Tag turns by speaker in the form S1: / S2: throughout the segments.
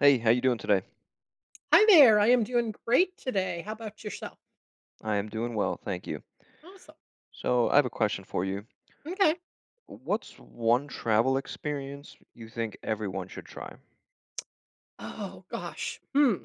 S1: Hey, how you doing today?
S2: Hi there, I am doing great today, how 'bout yourself?
S1: I am doing well, thank you.
S2: Awesome.
S1: So, I have a question for you.
S2: M'kay.
S1: What's 1 travel experience you think everyone should try?
S2: Oh gosh, hmm.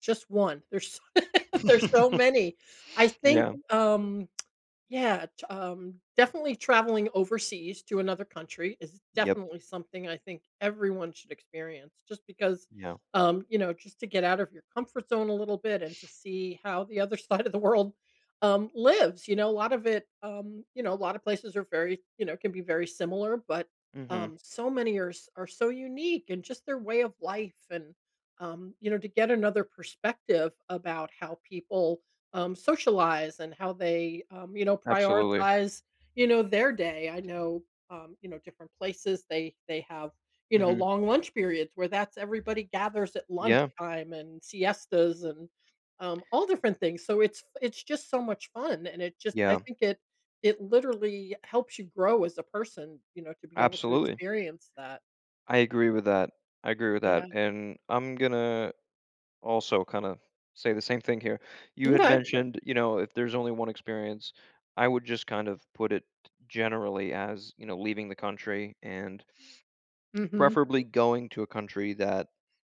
S2: Just 1? There's s there's so many. I think,
S1: Yeah.
S2: um yeah, t um, definitely traveling overseas to another country is
S1: Yep.
S2: definitely something I think everyone should experience just because,
S1: Yeah.
S2: um, you know, just to get out of your comfort zone a little bit and to see how the other side of the world, um, lives, you know, lot of it, um, you know, a lotta places are very you know, can be very similar, but,
S1: Mhm.
S2: um, so many are s are so unique and just their way of life and, um, you know, to get another perspective about how people, um, socialize and how they, um, you know,
S1: Absolutely.
S2: prioritize, you know, their day. I know, um, you know, different places, they they have, you know,
S1: Mhm.
S2: long lunch periods where that's everybody gathers at
S1: Yeah.
S2: lunchtime and siestas and, um, all different things. So, it's f it's just so much fun, and it just I
S1: Yeah.
S2: think it it literally helps you grow as a person, you know, to be able to
S1: Absolutely.
S2: experience that.
S1: I agree with that, I agree with that.
S2: Yeah.
S1: And I'm gonna also kinda say the same thing here. You had
S2: M'kay.
S1: mentioned, you know, if there's only one experience, I would just kind of put it generally as, you know, leaving the country and
S2: Mhm.
S1: preferably going to a country that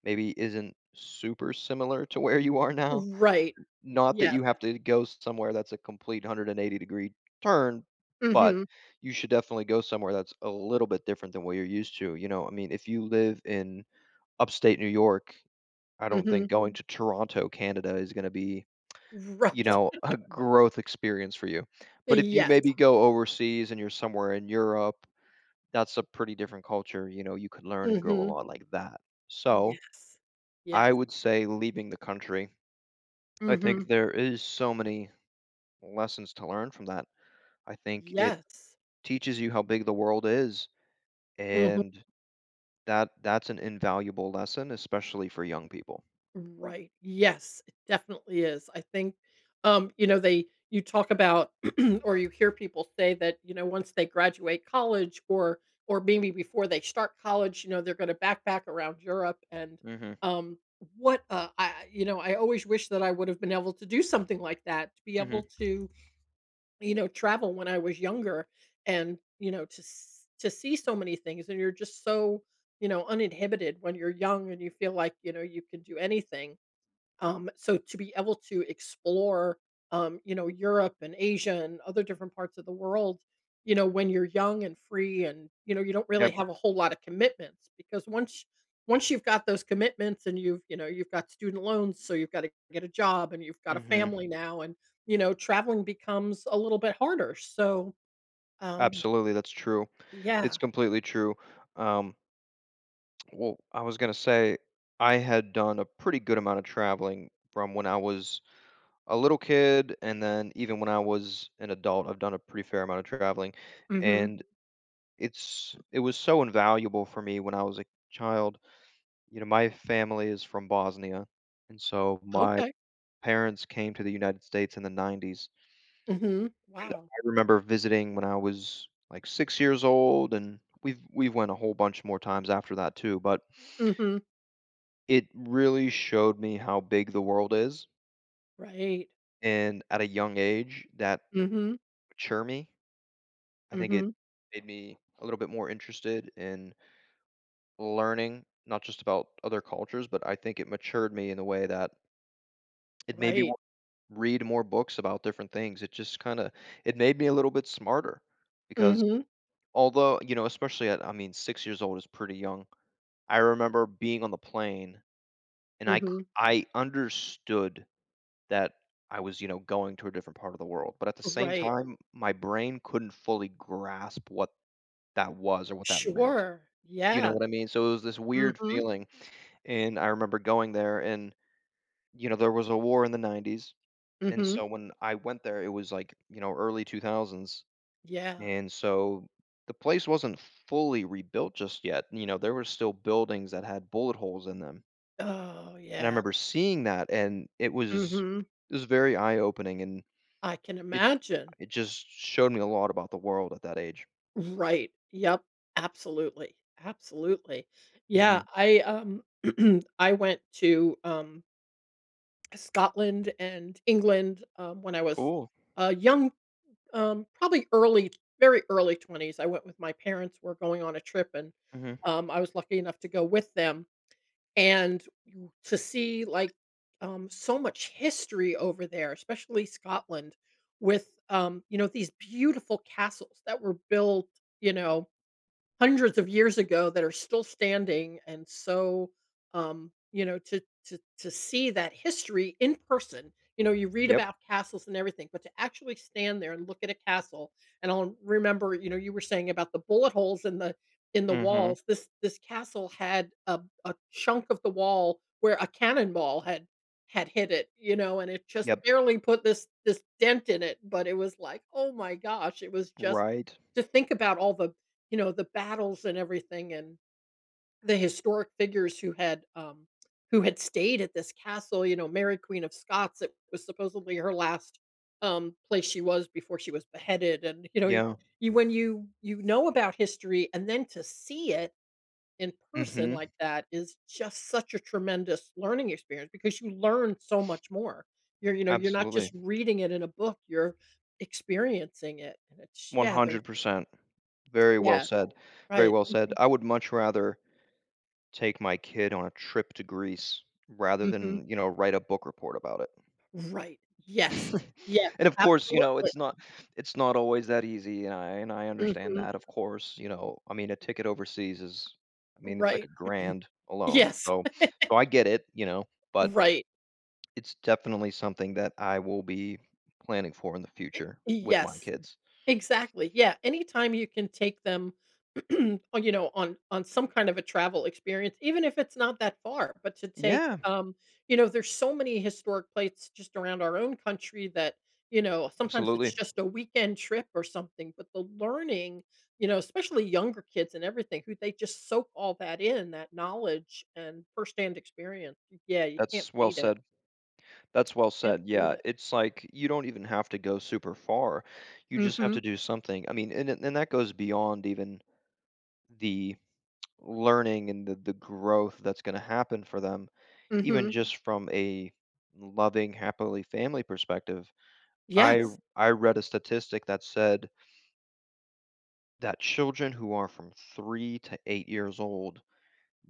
S1: maybe isn't super similar to where you are now.
S2: Right. Y y
S1: Not that
S2: yes.
S1: you have to go somewhere that's a complete 180 degree turn, but
S2: Mhm.
S1: you should definitely go somewhere that's a little bit different than where you're used to, you know? I mean, if you live in Upstate New York, I don't
S2: Mhm.
S1: think going to Toronto, Canada is gonna be, you
S2: Right.
S1: know, a growth experience for you.
S2: Uh,
S1: But if you
S2: yes.
S1: maybe go overseas and you're somewhere in Europe, that's a pretty different culture, you know, you could learn and grow a
S2: Mhm.
S1: lot like that. So,
S2: Yes. Yes.
S1: I would say leaving the country, I think
S2: Mhm.
S1: there is so many lessons to learn from that. I think it
S2: Yes.
S1: teaches you how big the world is,
S2: Mhm
S1: and that that's an invaluable lesson, especially for young people.
S2: Right, yes, it definitely is. I think, um, you know, they You talk about or you hear people say that, you know, once they graduate college or or maybe before they start college, you know, they're gonna backpack around Europe, and,
S1: Mhm.
S2: um, what, uh, I you know, I always wish that I would've been able to do something like that, to be able
S1: Mhm.
S2: to, you know travel when I was younger and, you know, to s to see so many things, and you're just so, you know, uninhibited when you're young, and you feel like, you know, you could do anything, um, so to be able to explore, um, you know, Europe and Asia and other different parts of the world, you know, when you're young and free and, you know, you don't really
S1: Yep.
S2: have a whole lotta commitments, because once once you've got those commitments and you've, you know, you've got student loans, so you've gotta get a job, and you've got a
S1: Mhm.
S2: family now, and, you know, traveling becomes a little bit harder, so, um
S1: Absolutely, that's true. It's
S2: Yeah.
S1: completely true, um Well, I was gonna say I had done a pretty good amount of traveling from when I was a little kid, and then even when I was an adult, I've done a pretty fair amount of traveling,
S2: Mhm.
S1: and it's it was so invaluable for me when I was a child. You know, my family is from Bosnia, and so my
S2: Okay.
S1: parents came to the United States in the nineties.
S2: Mhm.
S1: And
S2: Wow.
S1: I remember visiting when I was, like, 6 years old, and we've we've went a whole bunch more times after that too, but
S2: Mhm.
S1: it really showed me how big the world is.
S2: Right.
S1: And at a young age, that
S2: Mhm.
S1: mature me. I think it
S2: Mhm.
S1: made me a little bit more interested in learning, not just about other cultures, but I think it matured me in a way that it made me
S2: Right.
S1: wa read more books about different things, it just kinda it made me a little bit smarter because
S2: Mhm.
S1: although you know, especially at, I mean, 6 years old is pretty young. I remember being on the plane, and I c
S2: Mhm.
S1: I understood that I was, you know, going to a different part of the world, but at the same
S2: Right.
S1: time, my brain couldn't fully grasp what that was or what that meant,
S2: Sure.
S1: you know
S2: Yeah.
S1: what I mean? So, it was this weird
S2: Mhm.
S1: feeling, and I remember going there, and, you know, there was a war in the 90's, and
S2: Mhm.
S1: so when I went there, it was, like, you know, early 2000's,
S2: Yeah.
S1: and so, the place wasn't fully rebuilt just yet, you know, there were still buildings that had bullet holes in them.
S2: Oh,
S1: And I
S2: yeah.
S1: remember seeing that, and it was,
S2: Mhm.
S1: it was very eye opening, and
S2: I can
S1: it
S2: imagine.
S1: it just showed me a lot about the world at that age.
S2: Right, yep, absolutely, absolutely. Yeah,
S1: Mhm.
S2: I um, I went to, um Scotland and England, um, when I was,
S1: Cool.
S2: a young mm, um, probably early very early 20s, I went with my parents, were going on a trip, and,
S1: Mhm.
S2: um, I was lucky enough to go with them, and you to see, like, um, so much history over there, especially Scotland with, um, you know, these beautiful castles that were built, you know, hundreds of years ago that are still standing, and so, um, you know, to to to see that history in person you know, you read
S1: Yep.
S2: about castles and everything, but to actually stand there and look at a castle and on remember, you know, you were saying about the bullet holes in the in the
S1: Mhm.
S2: walls, this this castle had a a chunk of the wall where a cannonball had had hit it, you know, and it just
S1: Yep.
S2: barely put this this dent in it, but it was like, "Oh my gosh," it was just
S1: Right.
S2: to think about all the, you know, the battles and everything and the historic figures who had, um, who had stayed at this castle, you know, Mary, Queen of Scots, it was supposedly her last, um, place she was before she was beheaded, and, you know,
S1: Yeah.
S2: you when you you know about history, and then to see it in person
S1: Mhm.
S2: like that is just such a tremendous learning experience because you learn so much more. You're you know, you're not
S1: Absolutely.
S2: just reading it in a book, you're experiencing it, and it's
S1: one
S2: yeah, there's
S1: hundred percent. Very well
S2: Yeah.
S1: said, very
S2: Right.
S1: well said.
S2: Mhm.
S1: I would much rather take my kid on a trip to Greece rather
S2: Mhm.
S1: than, you know, write a book report about it.
S2: Right, yes. Yeah,
S1: And of course, you know,
S2: absolutely.
S1: it's not it's not always that easy, and I and I understand
S2: Mhm.
S1: that, of course, you know? I mean, a ticket overseas is I mean, it's like
S2: Right,
S1: a grand alone.
S2: yes.
S1: So so I get it, you know, but,
S2: Right.
S1: it's definitely something that I will be planning for in the
S2: Eh
S1: future,
S2: y
S1: with my
S2: yes.
S1: kids.
S2: Exactly, yeah. Anytime you can take them, on, you know, on on some kind of a travel experience even if it's not that far, but to take,
S1: Yeah.
S2: um you know, there's so many historic plates just around our own country that, you know, sometimes
S1: Absolutely.
S2: it's just a weekend trip or something, but the learning, you know, especially younger kids and everything, who they just soak all that in, that knowledge and firsthand experience. Yeah, you can't
S1: That's well
S2: beat it.
S1: said. That's well
S2: Can't
S1: said,
S2: beat
S1: yeah.
S2: it.
S1: It's like, you don't even have to go super far, you just have to
S2: Mhm.
S1: do something. I mean, and th and that goes beyond even the learning and the the growth that's gonna happen for them even
S2: Mhm.
S1: just from a loving, happily family perspective. I re
S2: Yes.
S1: I read a statistic that said that children who are from 3 to 8 years old,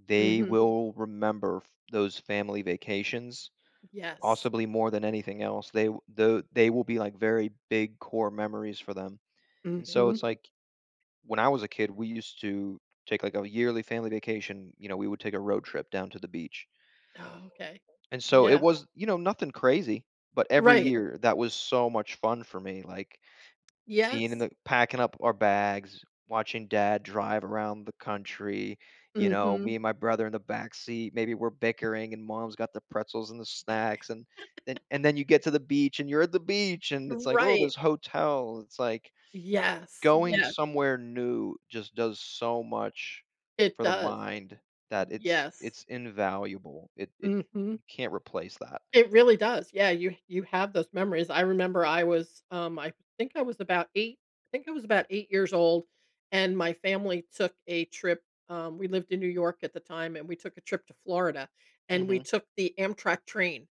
S1: they
S2: Mhm.
S1: will remember f those family vacations,
S2: Yes.
S1: possibly, more than anything else. They w the they will be, like, very big core memories for them, and so,
S2: Mhm.
S1: it's like when I was a kid, we used to take like a yearly family vacation, you know? We would take a road trip down to the beach,
S2: Oh, okay.
S1: and so, it
S2: Yeah.
S1: was, you know, nothing crazy, but every
S2: Right.
S1: year, that was so much fun for me, like, being in
S2: Yes.
S1: the packing up our bags, watching dad drive around the country, you know?
S2: Mhm.
S1: Me and my brother in the back seat, maybe we're bickering, and mom's got the pretzels and the snacks and, then and then you get to the beach, and you're at the beach, and it's like, "Ooh,
S2: Right.
S1: this hotel." It's like,
S2: Yes,
S1: going
S2: yeah.
S1: somewhere new just does so much
S2: It
S1: for the
S2: does.
S1: mind that it's
S2: Yes.
S1: it's invaluable, it it
S2: Mhm.
S1: you can't replace that.
S2: It really does, yeah, you you have those memories. I remember I was, um, I think I was about eight I think I was about eight years old, and my family took a trip. Um, we lived in New York at the time and we took a trip to Florida, and we
S1: Mhm.
S2: took the Amtrak train,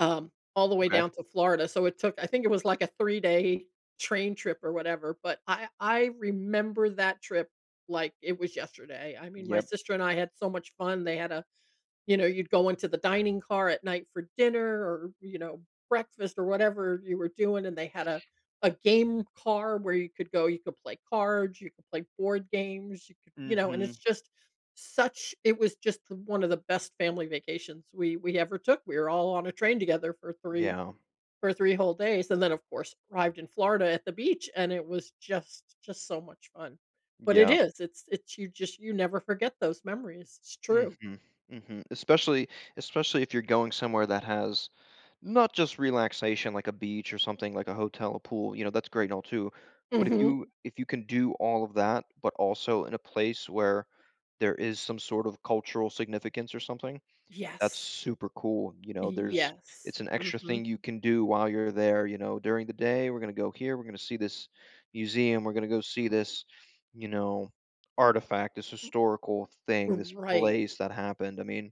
S2: um, all the way
S1: Okay.
S2: down to Florida, so it took I think it was like a 3 day train trip or whatever, but I I remember that trip like it was yesterday. I mean, my
S1: Yep.
S2: sister and I had so much fun, they had a you know, you'd go into the dining car at night for dinner or, you know, breakfast or whatever you were doing, and they had a a game car where you could go you could play cards, you could play board games, you could you know, and
S1: Mhm.
S2: it's just such it was just one of the best family vacations we we ever took. We were all on a train together for 3
S1: Yeah.
S2: for 3 whole days, and then of course, arrived in Florida at the beach, and it was just just so much fun, but it
S1: Yeah.
S2: is, it's it's you just you never forget those memories. It's true.
S1: Mhm. Mhm, especially especially if you're going somewhere that has, not just relaxation, like a beach or something, like a hotel, a pool, you know? That's great and all too, but if
S2: Mhm.
S1: you if you can do all of that, but also in a place where there is some sort of cultural significance or something, that's
S2: Yes.
S1: super cool, you know?
S2: Y
S1: There's
S2: yes,
S1: it's an extra
S2: mhm.
S1: thing you can do while you're there, you know? "During the day, we're gonna go here, we're gonna see this museum, we're gonna go see this, you know, artifact, this historical thing, this
S2: Right.
S1: place that happened," I mean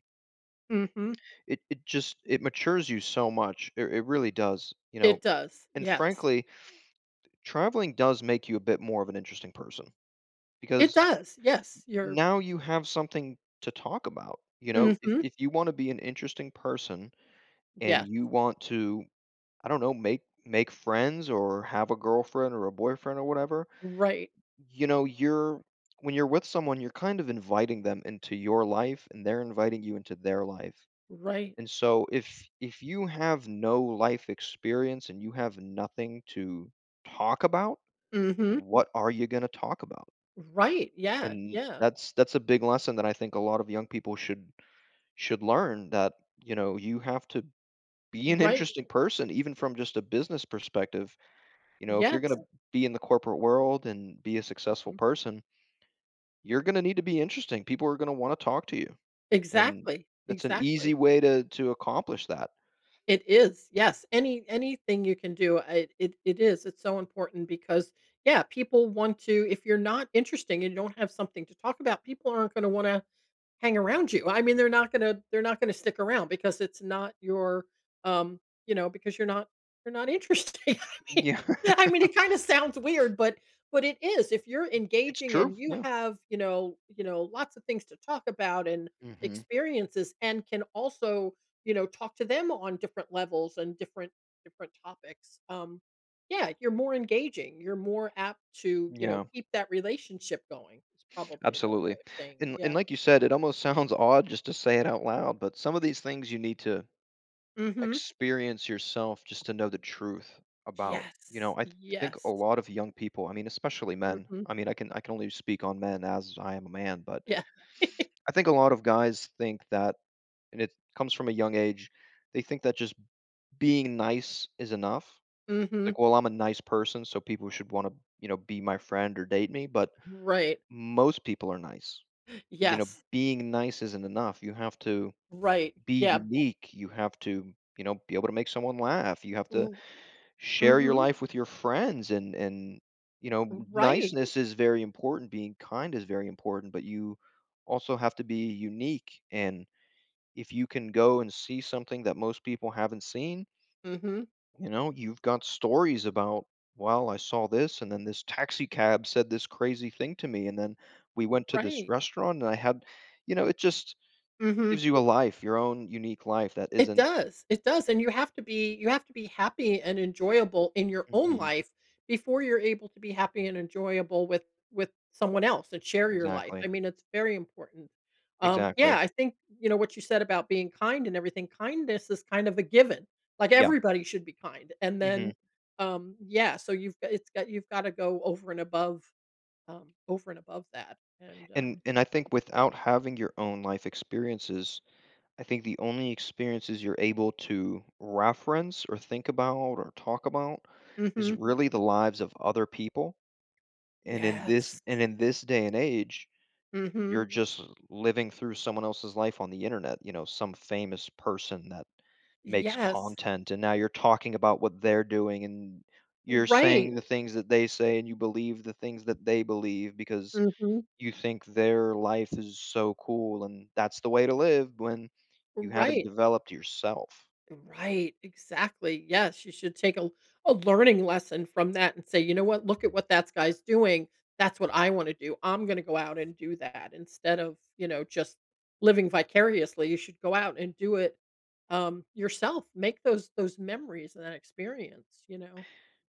S2: Mhm.
S1: it it just it matures you so much, it r it really does, you know,
S2: It does,
S1: and
S2: yes.
S1: frankly, traveling does make you a bit more of an interesting person
S2: It
S1: because
S2: does, yes,
S1: y
S2: you're
S1: now you have something to talk about, you know? If
S2: Mhm.
S1: if you wanna be an interesting person and
S2: Yes.
S1: you want to, I don't know, make make friends or have a girlfriend or a boyfriend or whatever,
S2: Right.
S1: y you know, you're when you're with someone, you're kind of inviting them into your life, and they're inviting you into their life,
S2: Right.
S1: and so, if if you have no life experience and you have nothing to talk about,
S2: Mhm.
S1: what are you gonna talk about?
S2: Right, yeah,
S1: And
S2: yeah.
S1: that's that's a big lesson that I think a lot of the young people should should learn, that, you know, you have to be an
S2: Right.
S1: interesting person even from just a business perspective, you know? If you're gonna
S2: Yes.
S1: be in the corporate world and be a successful
S2: Mhm.
S1: person you're gonna need to be interesting, people are gonna wanna talk to you, and
S2: Exactly,
S1: that's an
S2: exactly.
S1: easy way to to accomplish that.
S2: It is, yes. Any anything you can do, I it it is, it's so important because, yeah, people want to if you're not interesting and you don't have something to talk about, people aren't gonna wanna hang around you. I mean, they're not gonna they're not gonna stick around, because it's not your, um you know, because you're not you're not interesting. I mean
S1: Yeah.
S2: I mean, it kinda sounds weird, but but it is. If you're
S1: I It's
S2: engaging
S1: true,
S2: and you
S1: yeah.
S2: have, you know you know, lots of things to talk about and
S1: Mhm.
S2: experiences and can also, you know, talk to them on different levels and different different topics, um yeah, you're more engaging, you're more apt to, you know,
S1: Yeah.
S2: keep that relationship going- is probably a better way
S1: Absolutely.
S2: of saying it,
S1: And and
S2: yeah.
S1: like you said, it almost sounds odd just to say it out loud, but some of these things you need to
S2: Mhm.
S1: experience yourself just to know the truth about you
S2: Yes.
S1: know, I th think a
S2: Yes.
S1: lot of young people I mean, especially men,
S2: Mhm.
S1: I mean, I can I can only speak on men, as I am a man, but
S2: Yeah.
S1: I think a lot of guys think that- and it comes from a young age- they think that just being nice is enough?
S2: Mhm.
S1: Like, "Well, I'm a nice person, so people should wanna," you know, "be my friend or date me," but
S2: Right.
S1: most people are nice, you know?
S2: Yes.
S1: Being nice isn't enough. You have to
S2: Right,
S1: be
S2: yeah.
S1: unique, you have to, you know, be able to make someone laugh, you have
S2: R
S1: to share your
S2: mhm.
S1: life with your friends, and and you know,
S2: Right.
S1: niceness is very important. Being kind is very important, but you also have to be unique, and if you can go and see something that most people haven't seen
S2: Mhm.
S1: you know, you've got stories about, "Well, I saw this, and then this taxi cab said this crazy thing to me, and then we
S2: R
S1: went to this
S2: Right.
S1: restaurant, and I had" you know, it just
S2: Mhm.
S1: gives you a life, your own unique life that
S2: It
S1: isn't
S2: does. It does, and you have to be you have to be happy and enjoyable in your own
S1: Mhm.
S2: life before you're able to be happy and enjoyable with with someone else and share your life. I
S1: Exactly.
S2: mean, it's very important. Um, yeah,
S1: Exactly.
S2: I think, you know, what you said about being kind and everything- kindness is kind of a given. Like,
S1: Yeah.
S2: everybody should be kind. And
S1: Mhm.
S2: then, um yeah, so you've go it's go you've gotta go over and above, um, over and above that and,
S1: And
S2: um
S1: and I think without having your own life experiences, I think the only experiences you're able to reference or think about or talk about is
S2: Mhm.
S1: really the lives of other people. And in this
S2: Yes.
S1: and in this day and age, you're
S2: Mhm.
S1: just living through someone else's life on the Internet, you know, some famous person that makes
S2: Yes.
S1: content, and now you're talking about what they're doing, and you're saying
S2: Right.
S1: the things that they say, and you believe the things that they believe, because
S2: Mhm.
S1: you think their life is so cool, and that's the way to live when you haven't
S2: Right.
S1: developed yourself.
S2: Right, exactly, yes. You should take a a learning lesson from that and say, "You know what? Look at what thats guy's doing. That's what I wanna do. I'm gonna go out and do that," instead of, you know, just living vicariously. You should go out and do it, um, yourself. Make those those memories and that experience, you know?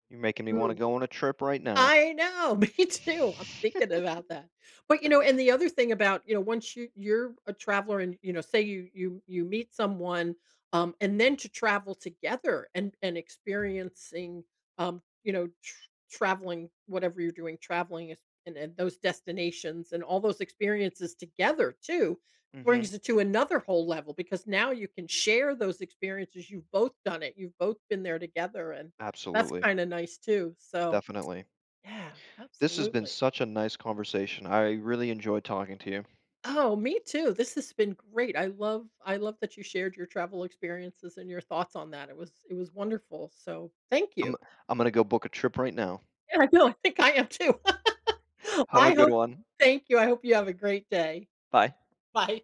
S1: You're making me wanna
S2: Mm.
S1: go on a trip right now.
S2: I know! Me too, I'm thinking about that. But, you know, and the other thing about, you know once you you're a traveler and, you know, say you you you meet someone, um, and then to travel together and and experiencing, um you know, tr traveling- whatever you're doing- traveling in in those destinations and all those experiences together, too,
S1: Mhm.
S2: brings it to another whole level, because now you can share those experiences, you've both done it, you've both been there together, and that's
S1: Absolutely.
S2: kinda nice too. So
S1: Definitely.
S2: yeah.
S1: This has been
S2: Absolutely.
S1: such a nice conversation, I really enjoyed talking to you.
S2: Oh, me too, this has been great. I love I love that you shared your travel experiences and your thoughts on that. It was it was wonderful. So thank
S1: I'm
S2: you.
S1: I'm gonna go book a trip right now.
S2: Yeah, I know, I think I am too.
S1: Have a
S2: I
S1: good
S2: hope
S1: one.
S2: thank you, I hope you have a great day.
S1: Bye.
S2: Bye.